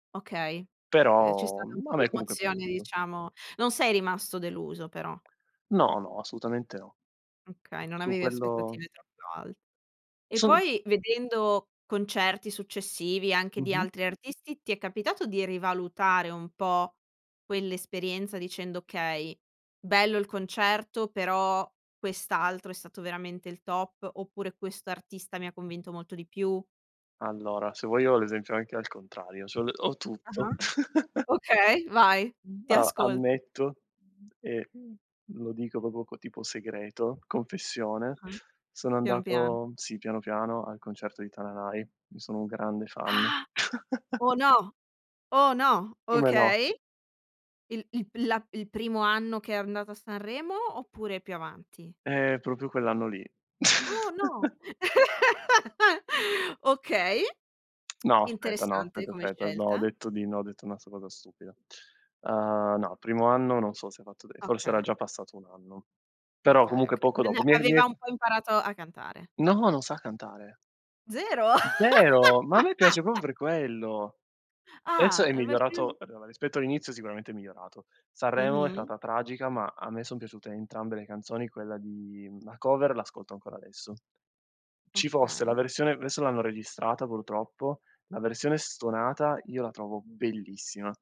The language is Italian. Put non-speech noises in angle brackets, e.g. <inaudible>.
Okay. Ehm, c'è Però, stata un mhmm, po' a di me comunque è emozione piaciuto. diciamo non sei rimasto deluso però. No, no, assolutamente no. Okay, non Su avevi quello aspettative troppo alte. E Son poi, vedendo concerti successivi, anche di Mh-mh. altri artisti, ti è capitato di rivalutare un po' quell'esperienza dicendo: "Okay, bello il concerto però quest'altro è stato veramente il top" oppure "Questo artista mi convinto molto di più?" Allora, se vuoi io ho l'esempio anche al contrario, c'ho l ho tutto. Ah-ah. <chuckles> Okay, vai! Ti A ascolto. ammetto e lo dico proprio co tipo segreto, confessione, Ah-ah. sono Piano, piano. andato, sì, piano, piano, al concerto di Tananai; ne sono un grande fan. Ah! <chuckles> Oh, no! Oh, no! Come no? Okay. Il il pil la il primo anno che è andato a Sanremo, oppure più avanti? Eh, proprio quell'anno lì. Oh, no! <chuckles> <laughs> Okay, <tsk> <smacks lips> No, aspetta, no, interessante aspetta, come aspetta. No, ho scelta. detto di no, ho detto una s una cosa stupida. Uhm, no, primo anno non so se fatto dei forse era Okay. già passato un anno, però Okay, comunque okay. poco V ne dopo. Mi è mi è aveva un po' imparato a cantare. No! Non sa cantare! Zero? Zero! Ma a me piace <laughs> proprio per quello! Adesso Ah! è E invece lui migliorato adora, rispetto all'inizio sicuramente è migliorato. Sanremo è Mh-mh. stata tragica, ma a me son piaciute entrambe le canzoni; quella di, mhmm, la cover l'ascolto ancora adesso. Ci fosse la Okay. versione v esso l'hanno registrata purtroppo, la versione stonata io la trovo bellissima.